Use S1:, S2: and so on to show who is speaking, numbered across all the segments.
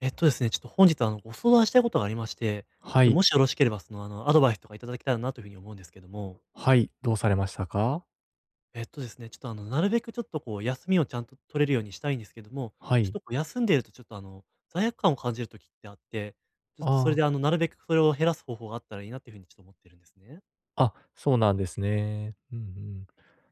S1: えっとですね、ちょっと本日、あの、ご相談したいことがありまして、ちょっ
S2: は
S1: と
S2: い。
S1: もしよろしければ、その、あの、アドバイスとかいただけたらなというふうに思うんですけども。
S2: はい、どうされましたか？
S1: えっとですね、ちょっと、あの、なるべくちょっとこう、休みをちゃんと取れるようにしたいんですけども、
S2: は
S1: ちょっ
S2: い。
S1: とこう休んでるとちょっと、あの、罪悪感を感じる時ってあって、ちょっとそ
S2: あ
S1: れ
S2: あ。
S1: で、あの、なるべくそれを減らす方法があったらいいなっていうふうに、ちょっと思ってるんですね。
S2: あ、そうなんですね。うんうん。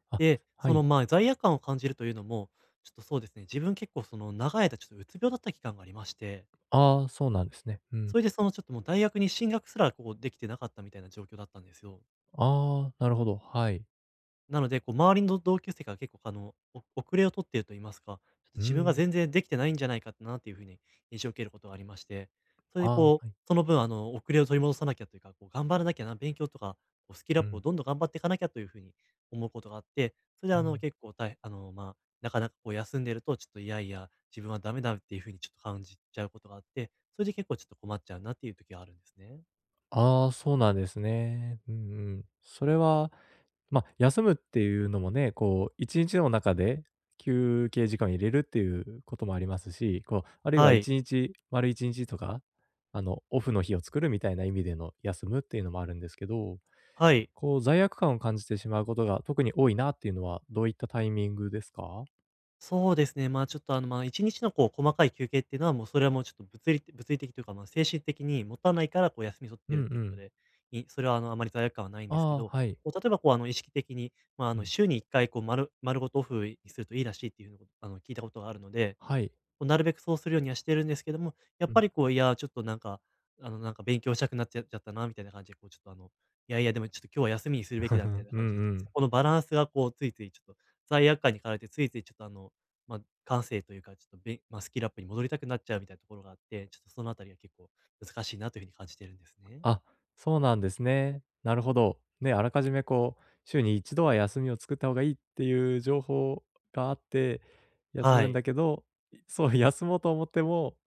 S2: あ、
S1: で、
S2: は
S1: その、
S2: い。
S1: まあ、罪悪感を感じるというのも、ちょっとそうですね、自分結構その長い間ちょっとうつ病だった期間がありまして
S2: ああ、そうなんですね。うん。
S1: それでそのちょっともう大学に進学すら、こう、できてなかったみたいな状況だったんですよ。
S2: ああ、なるほど、はい。
S1: なので、こう、周りのど同級生から結構あの、お遅れを取ってると言いますか、
S2: う
S1: 自分
S2: ー
S1: が
S2: ん。
S1: 全然できてないんじゃないかって、なあ、という風に印象を受けることがありまして、それ
S2: あ
S1: で
S2: あ、
S1: こう、
S2: はい。
S1: その分、あの、遅れを取り戻さなきゃっていうか、こう頑張らなきゃな、勉強とか、こうスキルア
S2: う
S1: ップを
S2: ん。
S1: どんどん頑張っていかなきゃという風に思うことがあって、それで
S2: う
S1: あの
S2: ん。
S1: 結構たいへあの、まあ、なかなかこう、休んでるとちょっといやいや、自分はダメだっていう風にちょっと感じちゃうことがあって、それで結構ちょっと困っちゃうなっていう時があるんですね。
S2: ああ、そうなんですね。うんうん。それは、ま、休むっていうのもね、こう1日の中で、休憩時間入れるっていうこともありますし、こう、あるいは
S1: は
S2: い
S1: い。
S2: ちにち、丸1日とか、あの、オフの日を作るみたいな意味での休むっていうのもあるんですけど、
S1: はい。
S2: こう罪悪感を感じてしまうことが特に多いなっていうのは、どういったタイミングですか？
S1: そうですね。まあ、ちょっと、あの、ま、1日のこう細かい休憩っていうのは、もう、それは、もう、ちょっと物理物理的というか、ま、精神的にもたないからこう休み取っ
S2: う
S1: てる
S2: ん
S1: って
S2: う
S1: いうこと
S2: ん。
S1: で、いそれはあのあまり罪悪感はないんですけ
S2: あ
S1: ど、
S2: あ、はい。
S1: こう例えばこう、あの、意識的に、ま、あ
S2: う
S1: の、
S2: ん。
S1: 週に1回こう丸丸ごとオフにするといいらしいっていうのを、あの、聞いたことがあるので、
S2: はい。
S1: こうなるべくそうするようにはしてるんですけども、やっ
S2: う
S1: ぱ
S2: ん。
S1: りこう、いやちょっとなんか、あの、なんか勉強したくなっちゃっちゃったなみたいな感じで、こうちょっとあの、いやいやでもちょっと今日は休みにするべきだみたい な
S2: うん
S1: 感じで、ちょ、
S2: う
S1: そ
S2: ん。
S1: このバランスがこうついついちょっと罪悪感に駆られてついついちょっとあの、ま、感性というか、ちょっと、べま、スキルアップに戻りたくなっちゃうみたいなところがあって、ちょっとそのあたりは結構難しいなというふうに感じているんですね。
S2: あ、そうなんですね。なるほど。ね、あらかじめこう、週に1度は休みを作った方がいいっていう情報があって、休
S1: は
S2: むん
S1: い。
S2: だけど、そう休もうと思っても、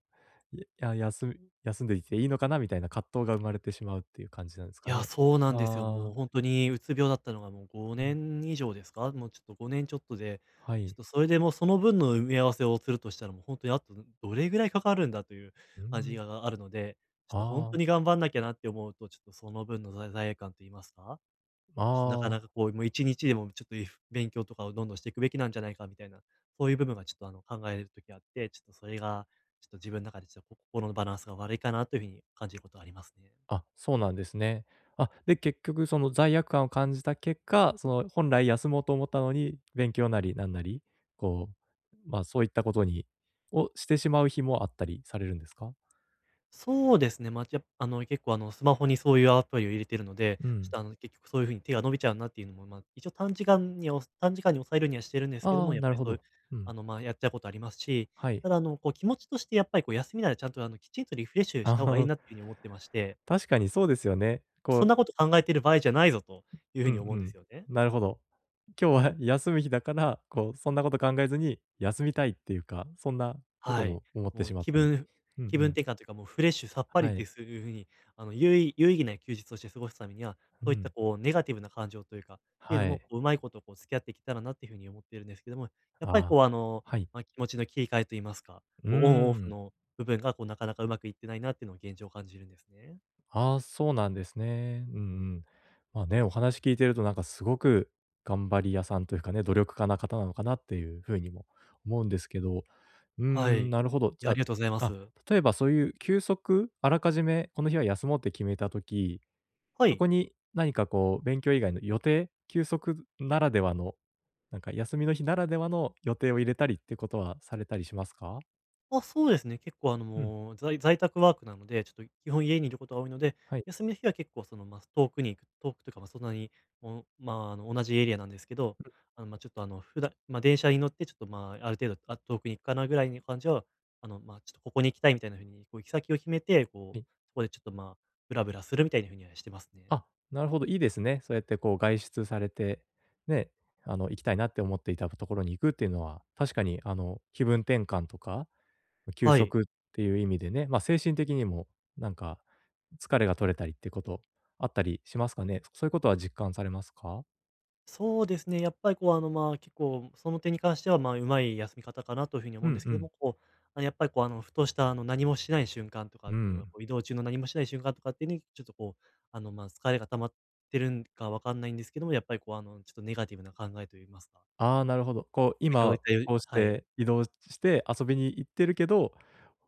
S2: や休休んでいていいのかなみたいな葛藤が生まれてしまうっていう感じなんです
S1: い
S2: か
S1: や、
S2: ね。
S1: そうなんですよ。も
S2: あ
S1: う
S2: あ。
S1: 本当にうつ病だったのがもうご
S2: う
S1: ね
S2: ん。
S1: ん以上ですか？もうちょっと5年ちょっとで、
S2: は
S1: ちょっ
S2: い。
S1: とそれでもその分の埋め合わせをするとしたらもう本当にあと、どどれぐらいかかるんだという、
S2: う
S1: あじ
S2: ん。
S1: あがあるので、ちょっと本
S2: ああ。
S1: 当に頑張んなきゃなって思うと、ちょっとその分の、ざ罪悪感と言いますか、
S2: あ
S1: ちょとなかな
S2: あ。
S1: かこうもう1日でもちょっと、いふ勉強とかをどんどんしていくべきなんじゃないかみたいな、そういう部分が、ちょっとあの、考える時があって、ちょっとそれが、ちょっと自分の中でちょっと心のバランスが悪いかなという風に感じることはありますね。
S2: あ、そうなんですね。あ、で結局その罪悪感を感じた結果、その、本来休もうと思ったのに、勉強なりなんなり、こう、まあ、そういったことにを、してしまう日もあったりされるんですか？
S1: そうですね、ま、や、あの、結構あの、スマホにそういうアプリを入れているので、
S2: う
S1: ちょっ
S2: ん。
S1: とあの、結局そういう風に手が伸びちゃうなっていうのも、ま、一応短時間にはおさ短時間に押さえるようにはしてるんですけど
S2: あ
S1: も、
S2: あ、
S1: やっ
S2: なる
S1: ぱり
S2: ほ
S1: そういう
S2: ど。うん。
S1: あの、ま、やったことありますし、
S2: はい。
S1: ただあの、こう気持ちとしてやっぱりこう休みならちゃんと、あの、きちんとリフレッシュした
S2: あ
S1: 方がいい
S2: あ。
S1: なっていうふうに思ってまして。
S2: 確かにそうですよね。こ
S1: そん
S2: う
S1: なこと考えている場合じゃないぞという
S2: う
S1: 風
S2: んう
S1: に思うんで
S2: ん、
S1: すよね。
S2: なるほど。今日は休む日だから、こうそんなこと考えずに休みたいっていうか、そんなこと
S1: はい。
S2: も思って
S1: もう
S2: しまっ
S1: 気
S2: たり、
S1: 分
S2: うんう
S1: 気分
S2: ん。
S1: 転換というかもうフレッシュさっぱり
S2: は
S1: って
S2: い。
S1: すういうふうに、あの、有意有意義な休日をして過ごすためには、
S2: う
S1: そういった
S2: ん。
S1: こうネガティブな感情というか、ていうの
S2: は
S1: も、
S2: い。
S1: うまいことこう付き合っていけたらなという風に思っているんですけども、やっぱり
S2: ああ、
S1: こう、あの、
S2: はい。
S1: ま、気持ちの切り替えと言いますか、
S2: うー
S1: こうオンオフ
S2: ん。
S1: の部分がこうなかなかうまくいってないなっていうのは現状感じるんですね。
S2: ああ、そうなんですね。うんうん。まあね、お話聞いてるとなんかすごく頑張り屋さんというかね、努力家な方なのかなっていう風にも思うんですけど、う
S1: はい、
S2: ん、
S1: い
S2: なるほど。じ
S1: や、
S2: ゃ
S1: あ
S2: あ、
S1: りがとうございま
S2: あ、
S1: す。
S2: 例えばそういう休息、あらかじめこの日は休もうって決めた時、
S1: は
S2: そ
S1: い。
S2: こに何かこう勉強以外の予定、休息ならではの、なんか休みの日ならではの予定を入れたりってことはされたりしますか？
S1: あ、そうですね。結構あの
S2: うん。
S1: もう、在在宅ワークなので、ちょっと基本家にいることが多いので、
S2: はい。
S1: 休みの日は結構その、ま、遠くに行く。遠くというか、ま、そんなに、もう、ま、あの同じエリアなんですけど。
S2: うん。
S1: あの、ま、ちょっとあの、ふだま、電車に乗ってちょっと、ま、ある程度「あっ、遠くに行くかな」ぐらいに感じは、あの、ま、ちょっとここに行きたいみたいな風に、こう行き先を決めて、こ
S2: は
S1: う、
S2: い。
S1: これちょっと、ま、ぶらぶらするみたいな風にはしてますね。
S2: あ、なるほど、いいですね。そうやってこう外出されて、ね。あの、行きたいなって思っていたところに行くっていうのは、確かに、あの気分転換とか、休
S1: はい。
S2: 息っていう意味でね、ま、精神的にもなんか疲れが取れたりってこと、あったりしますかね。そそういうことは実感されますか？
S1: そうですね、やっぱりこう、あの、ま、結構その点に関しては、ま、うまい休み方かなという風に
S2: う
S1: 思うんで
S2: ん
S1: す
S2: う
S1: けど
S2: ん。
S1: も、こう、やっぱりこうあの、ふとした、あの何もしない瞬間と
S2: う
S1: かっ
S2: ー
S1: ていうのは、
S2: ん。
S1: こう移動中の何もしない瞬間とかってに、ちょっとこう、あの、ま、疲れが溜まってるんか分かんないんですけども、やっぱりこう、あの、ちょっとネガティブな考えと言いますか。
S2: ああ、なるほど。こう、
S1: 先ほど言
S2: 今
S1: ったよう
S2: こうし
S1: はい。
S2: て移動して遊びに行ってるけど、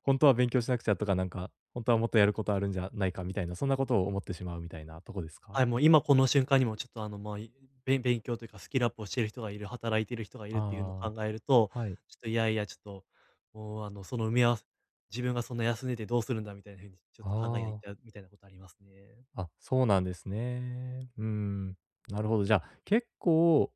S2: ほんとは勉強しなくちゃとか、なんかほんとはもっとやることあるんじゃないかみたいな、そんなことを思ってしまうみたいなとこです
S1: は
S2: か？
S1: い、もう今この瞬間にもちょっとあの、ま、いべ勉強というかスキルアップをしてる人がいる、働いてる人がいるっていうのを
S2: ああ。
S1: 考えると、
S2: はい。
S1: ちょっといやいやちょっと、もうあの、その埋め合わせ、自分がそんな休んでてどうするんだ、みたいな風にちょっと考えが行
S2: あ
S1: っ
S2: あ。
S1: ちゃうみたいなことありますね。
S2: あ、そうなんですね。うーん、なるほど。じゃ、結構、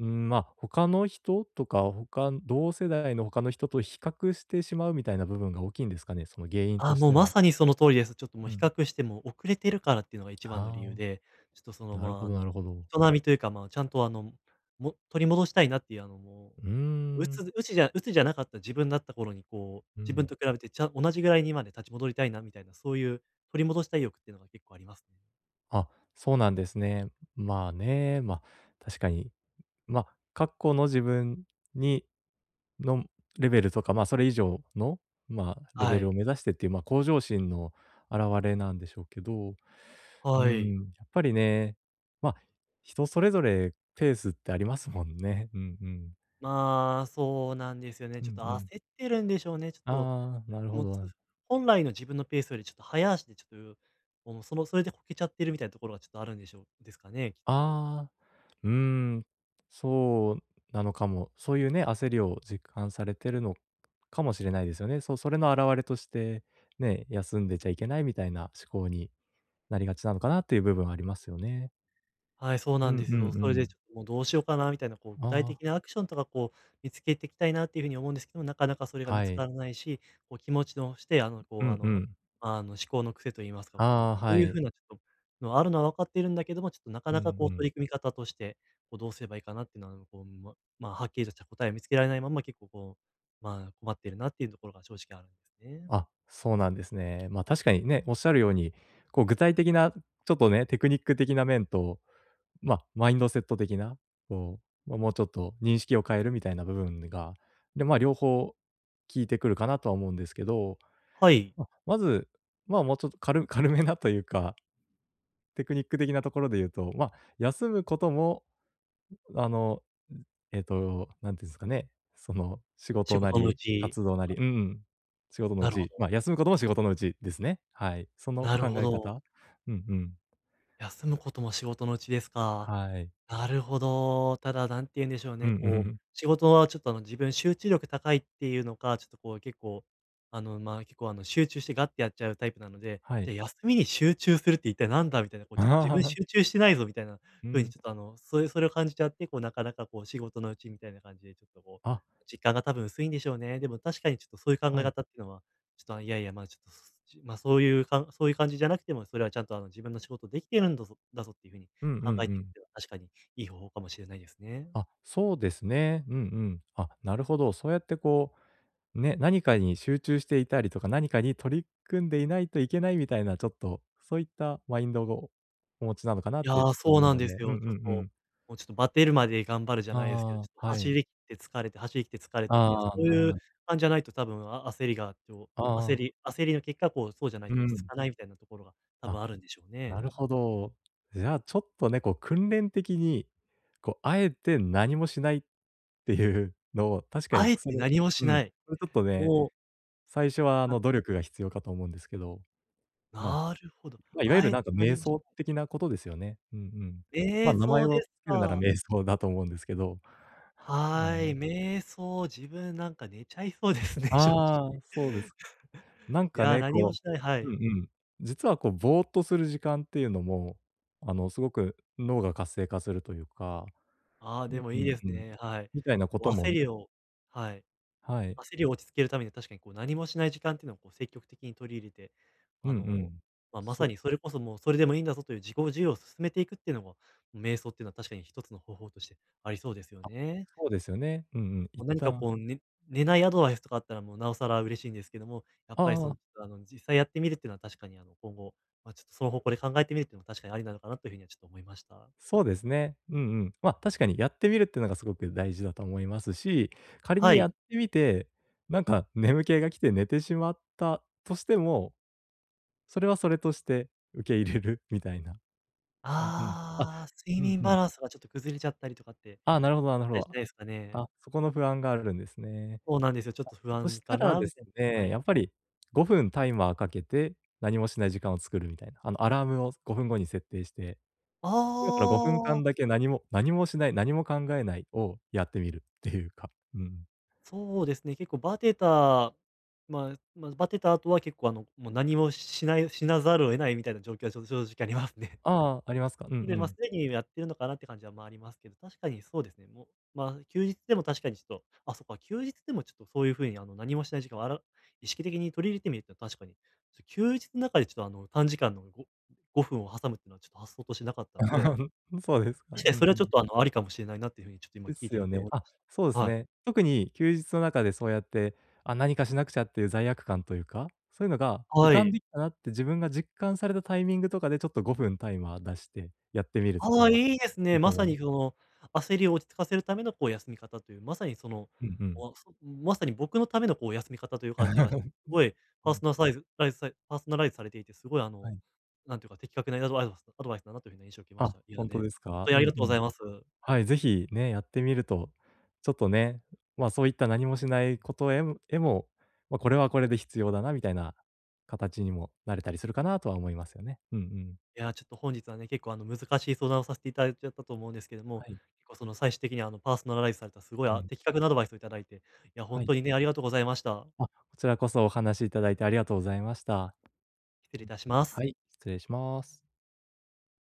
S2: うん、ま、他の人とか、他ん同世代の他の人と比較してしまうみたいな部分が大きいんですかね、その原因
S1: あ
S2: と
S1: あ、
S2: し
S1: もう
S2: て
S1: ま
S2: は。
S1: さにその通りです。ちょっともう
S2: う
S1: 比
S2: ん。
S1: 較しても遅れてるからっていうのが一番の理由
S2: あ
S1: で。ちょっとそ
S2: あ。
S1: の
S2: なる
S1: ま、
S2: ほ
S1: あ
S2: ど
S1: の、
S2: なるほど。
S1: 人並みというか、ま、ちゃんとあの、も取り戻したいなっていう、あのも
S2: うー
S1: う
S2: ん。
S1: 鬱鬱じゃ鬱じゃなかった自分だった頃に、こう
S2: う
S1: 自分
S2: ん。
S1: と比べてちゃん同じぐらいにまで立ち戻りたいなみたいな、そういう取り戻したい欲っていうのが結構ありますね。
S2: あ、そうなんですね。まあね、ま、確かに、ま、過去の自分にのレベルとか、まあそれ以上の、まあ、レ
S1: は
S2: ベル
S1: い。
S2: を目指してっていう、まあ、向上心の表れなんでしょうけど、うー
S1: はい。
S2: ん、やっぱりね、まあ、人それぞれペースってありますもんね。うんうん。
S1: まあ、そうなんですよね。
S2: う
S1: ちょっ
S2: ん
S1: と
S2: う
S1: 焦
S2: ん。
S1: ってるんでしょうねちょっと。
S2: ああ、なるほ
S1: もう、つう
S2: ど。
S1: 本来の自分のペースよりちょっと速足で、ちょっと [unintelligible] もう、そのそれでこけちゃってるみたいなところがちょっとあるんでしょうですかね、きっと。
S2: ああ、うーん、そうなのかも。そういうね、焦りを実感されてるのかもしれないですよね。そう、それの表れとして、ね、休んでちゃいけないみたいな思考になりがちなのかなっていう部分はありますよね。
S1: はい、そうな
S2: う
S1: ん
S2: んうん
S1: です
S2: う
S1: よ。それで
S2: ん。
S1: ちょっともうどうしようかな、みたいなこう
S2: あ
S1: 具体
S2: あ。
S1: 的なアクションとかこう、見つけていきたいなっていう風に思うんですけどもなかなかそれが見
S2: は
S1: つか
S2: い。
S1: らないし、こう気持ちの、してあの
S2: う
S1: こうあ
S2: んう
S1: の
S2: ん。
S1: あの、思考の癖と言いますか、こう、
S2: あ
S1: こ
S2: あ、
S1: う
S2: は
S1: いう風
S2: い。
S1: なちょっとのあるのは分かっているんだけども、ちょっとなか
S2: うん
S1: なかこう
S2: うん。
S1: 取り組み方として、こう、どうすればいいかなっていうのはこう、ままあ、はっきりとした答えを見つけられないまんま結構こう、まあ困ってるなっていうところが正直あるんですね。
S2: あ、そうなんですね。まあ、確かにね、おっしゃるように、こう具体的なちょっとね、テクニック的な面と、まあ、マインドセット的な、こう、ま、もうちょっと認識を変えるみたいな部分が、で、まあ、両方効いてくるかなとは思うんですけど、
S1: はい。
S2: ま、まず、まあ、もうちょっとかる軽めなというかテクニック的なところで言うと、まあ、休むこともあの、うん、えっと、何て言うんすかね、その、仕
S1: 仕
S2: 事な
S1: 事のう
S2: り、
S1: ち。
S2: 活動な
S1: あ。
S2: りうん。仕事のう
S1: なるほ
S2: ち、
S1: ど。
S2: まあ休むことも仕事のうちですね。はい。その
S1: なる
S2: 考
S1: ほ
S2: え
S1: ど。
S2: 方、うんうん。
S1: 休むことも仕事のうちですか。
S2: はい。
S1: なるほど。ただ、何て言うんでしょう
S2: う
S1: ね、
S2: ん。
S1: こう、仕事は、ちょっとあの自分集中力高いっていうのか、ちょっとこう結構、あのまあ、結構あの、集中してガってやっちゃうタイプなので、
S2: はい。
S1: で、休みに集中するって一体何だみたいな、こうちょっと自分 集中してないぞ、みたいな
S2: う
S1: 風に、
S2: ん。
S1: ちょっとあの、そういう、それを感じちゃって、こうなかなかこう仕事のうちみたいな感じでちょっとこ
S2: あ。
S1: う、実感が多分薄いんでしょうね。でも確かにちょっとそういう考え
S2: はい。
S1: 方っていうのは、ちょっとあの、いやいや、まあちょっと、すすじまあ、そういうかんそういう感じじゃなくても、それはちゃんとあの、自分の仕事できてるんだぞだぞっていう風に
S2: うんうんう
S1: 考えてき
S2: ん。
S1: ては確かにいい方法かもしれないですね。
S2: あ、そうですね。うんうん。あ、なるほど、そうやってこう、ね、何かに集中していたりとか何かに取り組んでいないといけないみたいな、ちょっと、そういったマインドをお持ちなのかなっ
S1: いや、
S2: てちょっと
S1: そう
S2: 思う
S1: なん
S2: の
S1: で
S2: で。う
S1: す
S2: んう
S1: よ。
S2: ん
S1: ちょっと、
S2: うん。
S1: もうちょっとバテるまで頑張るじゃないですけど、
S2: あ
S1: ちょっと
S2: あ、は
S1: 走
S2: い。
S1: りきって疲れて、走りきて疲れてっていう、そ
S2: ああ、
S1: う
S2: なるほど
S1: いう
S2: な。
S1: 感じじゃないと多分、あ焦りが、と
S2: あ
S1: 焦
S2: あ。
S1: り焦りの結果こうそうじゃない
S2: う
S1: と落ち着
S2: ん。
S1: かないみたいなところが多
S2: あ、
S1: 分あるんでしょう
S2: な
S1: ね。
S2: るほど。じゃあ、ちょっとね、こう訓練的に、こう、あえて何もしないっていうのを、確か
S1: あ
S2: に
S1: え
S2: そ
S1: て
S2: れ
S1: 何もし
S2: う
S1: な
S2: ん、
S1: い。
S2: これちょっとね、
S1: もう
S2: 最初はあ
S1: はい。
S2: の、努力が必要かと思うんですけど、まあ、
S1: なるほど。
S2: ま、いわゆ
S1: あ
S2: る
S1: え
S2: な
S1: て
S2: んか
S1: 何
S2: 瞑
S1: もし
S2: 想
S1: ない...
S2: 的なことですよね。うんうん。まあ、
S1: 瞑
S2: 名前
S1: 想
S2: を
S1: で
S2: 付
S1: す
S2: けるなら
S1: か。
S2: 瞑想だと思うんですけど、あ
S1: はい、
S2: に。
S1: 瞑想、自分なんか寝ちゃいそうですね、正直。
S2: ああ、そうです。なん
S1: い
S2: か
S1: や、
S2: ね、
S1: 何も
S2: こ
S1: しないは
S2: ううん
S1: い。
S2: うん。実はこう、ボーっとする時間っていうのも、あの、すごく脳が活性化するというか、
S1: ああ、
S2: う
S1: で
S2: ん
S1: も
S2: う
S1: いい
S2: ん
S1: です
S2: うん。
S1: ね。はい。
S2: みたいなこ
S1: お、
S2: とも
S1: 焦り
S2: ね。
S1: を、はい、
S2: はい。
S1: 焦りを落ち着けるためには確かにこう、何もしない時間っていうのをこう、積極的に取り入れて、
S2: う
S1: あ
S2: んう
S1: の、
S2: ん。
S1: まあ、ま
S2: そ
S1: さ
S2: う。
S1: にそれこそもうそれでもいいんだぞという自己受容を進めていくっていうのも、瞑想っていうのは確かに1つの方法としてありそうですよ
S2: あ、
S1: ね。
S2: そうですよね。うんうん。
S1: も、
S2: 一
S1: 何か
S2: 旦。
S1: こう、ね寝ないアドバイスとかあったらもう、なおさら嬉しいんですけども、やっ
S2: あ
S1: ぱり
S2: あ
S1: そ
S2: あ
S1: の、
S2: あ。
S1: あの、実際やってみるっていうのは確かにあの、今後、まあ、ちょっと、その方向で考えてみるっていうのも確かにありなのかなという風にはちょっと思いました。
S2: そうですね。うんうん。まあ、確かにやってみるっていうのがすごく大事だと思いますし、仮に
S1: は
S2: や
S1: い。
S2: ってみて、なんか眠気が来て寝てしまったとしても、それはそれとして受け入れるみたいな。うんうん。あ、
S1: ああ、睡
S2: うん
S1: 眠
S2: うん。
S1: バランスがちょっと崩れちゃったりとかって、
S2: ああ、なるほどな
S1: し
S2: る
S1: た
S2: ほ
S1: りし
S2: ど。
S1: ないですかね。
S2: あ、そこの不安があるんですね。
S1: そうなんですよ。ちょっと不
S2: あ、そ
S1: 安
S2: した
S1: か
S2: ら
S1: な
S2: です
S1: [unintelligible] は
S2: ね、
S1: い。
S2: やっぱり5分タイマーかけて、何もしない時間を作るみたいな、あの、アラームを、5分後に設定して。
S1: あ
S2: 今からごふんか
S1: あ。
S2: んだけ何も何もしない、何も考えないをやってみるっていうか、うん。
S1: そうですね、結構バテた、まあまあバテた後は結構あの、もう何もしない、しなざるを得ないみたいな状況はちょっと正直ありますね。
S2: ああ、ありますか。うんう
S1: それでまあ、す
S2: ん。
S1: でにやってるのかなって感じはまあ、ありますけど、確かにそうですね。もうまあ休日でも確かにちょっとあ、そっか、休日でもちょっとそういう風にあの何もしない時間をあら意識的に取り入れてみると確かに、ちょ休日ん中でちょっとあの、短時間のご5分を挟むってのはちょっと発想としてなかったので
S2: うん、そうですか。う
S1: 確かにそ
S2: ん
S1: れ
S2: う
S1: はちょっ
S2: ん。
S1: とあの、ありかもしれないなっていう風に、ちょっと今
S2: で
S1: 聞い
S2: す
S1: て
S2: よ
S1: みて
S2: ね。
S1: 思い
S2: あ、
S1: まし
S2: そうで
S1: た。
S2: す
S1: はい。
S2: ね。特に休日の中でそうやって、あ、何かしなくちゃっていう罪悪感というか、そういうのが浮
S1: は
S2: かん
S1: い。
S2: できたなって自分が実感されたタイミングとかでちょっと5分タイマー出してやってみると
S1: あ
S2: か
S1: あ、
S2: は、
S1: いいです
S2: い
S1: ね。
S2: いと
S1: まさに
S2: [unintelligible]
S1: その、焦りを落ち着かせるためのこう休み方という、まさにその、
S2: うんうん。
S1: お、あ、そ、ん、まさに僕のためのこう休み方という感じがして、す ごい
S2: う
S1: パ
S2: ん、う
S1: ーソ
S2: ん。
S1: ナルサイズライズさいパーソナライズされていてすごいあ
S2: は
S1: の、
S2: い。
S1: なんていうか的確なアド [unintelligible] アドバイスだなという風な印象を受けまし
S2: あ、
S1: た。い
S2: ほ
S1: や
S2: んと
S1: ね、
S2: です
S1: 本
S2: か？
S1: 当
S2: う
S1: に
S2: ん
S1: あ
S2: う
S1: りがとうご
S2: ん。
S1: ざいます。
S2: はい、是非ね、やってみると、ちょっとね、まあ、そういった何もしないことへむへも、ま、これはこれで必要だなみたいな形にもなれたりするかなとは思いますよね。うんうん。
S1: いや、ちょっと本日はね、結構あの難しい相談をさせていただいちゃったと思うんですけども、
S2: はい。
S1: 結構その最終的にはあのパーソナライズされたすごい
S2: う
S1: あ、
S2: ん。
S1: 的確なアドバイスをいただいて、いやほ
S2: は
S1: ん
S2: い。
S1: とにね、ありがとうございました。
S2: あ、こちらこそお話しいただいてありがとうございました。
S1: 失
S2: う
S1: 礼い
S2: ん。
S1: たします。
S2: はい、失礼します。